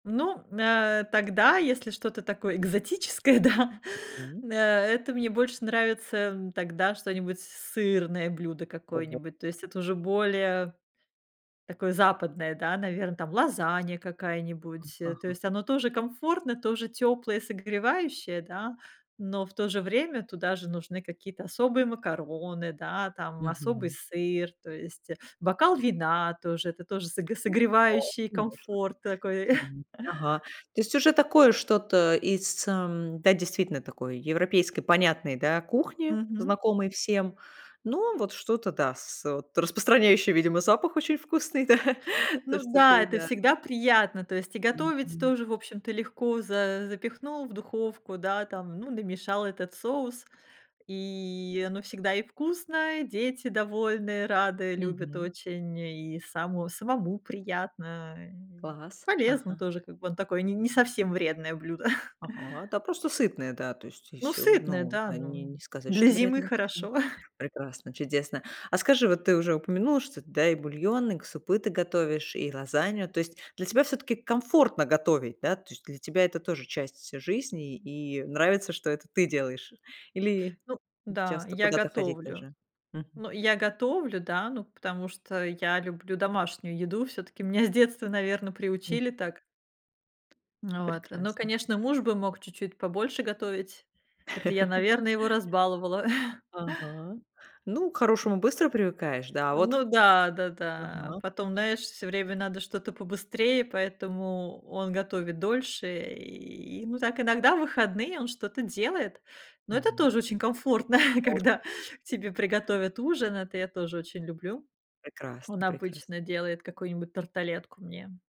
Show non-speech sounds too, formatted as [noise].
Ну, нэ тогда, если что-то такое экзотическое, да, Мгм. э, это мне больше нравится, м, тогда что-нибудь сырное блюдо Ого. какое-нибудь, то есть это уже более такое западное, да, наверно, там, лазанья Ага какая-нибудь, э, то ага. есть оно тоже комфортное, тоже тёплое, согревающее, да, но в то же время туда же нужны какие-то особые макароны, да, там, особый Мгм. сыр, то есть, э, бокал вина тоже, это тоже соге Ну да, согревающий конечно. комфорт такой. [chuckles] Мгм, ага. То есть уже такое что-то из, эм, да, действительно такой европейской понятной, да, кухни, Мгм. знакомой всем. Но вот что-то, да, с вот распространяющее, видимо, запах очень вкусный, да, [chuckles] то, Ну что да, ты, это да. всегда приятно, то есть и готовить Мгм. тоже, в общем-то, легко. За запихнул в духовку, да, там, ну, намешал этот соус, и оно всегда и вкусно, и дети довольные, рады, любят Мгм. очень, и само самому приятно. Класс. Полезно Ага. тоже, как бы он такой не не совсем вредное блюдо. [chuckles] Ага, да просто сытное, да, то есть и Ну, всё. сытное, Ну, да, они ну не сказать, для что зимы вредно. Почему? хорошо. [chuckles] Прекрасно, чудесно. А скажи, вот ты уже упомянула, что да, и бульон, и к супы ты готовишь, и лазанью. То есть для тебя все-таки комфортно готовить, да? То есть для тебя это тоже часть жизни, и нравится, что это ты делаешь, или Ну да, часто я куда-то ходить готовлю. даже. Мгм. Ну, я готовлю, да, ну, потому что я люблю домашнюю еду. Всё-таки меня с детства, наверно, Мгм. приучили так. Ну вот, ну, Прекрасно. конечно, муж бы мог чуть-чуть побольше готовить. Это я, [laughs] наверное, его разбаловала. [chuckles] Ага. Ну, к хорошему быстро привыкаешь. Да, а вот Ну к х да да да. Ага. Потом, знаешь, все время надо что-то побыстрее, поэтому он готовит дольше, и, ну, так, иногда в выходные он что-то делает, но это Мгм. тоже очень комфортно, [chuckles] О когда тебе приготовят ужин. Это я тоже очень люблю. Он Прекрасно прекрасно. обычно делает какую-нибудь тарталетку мне.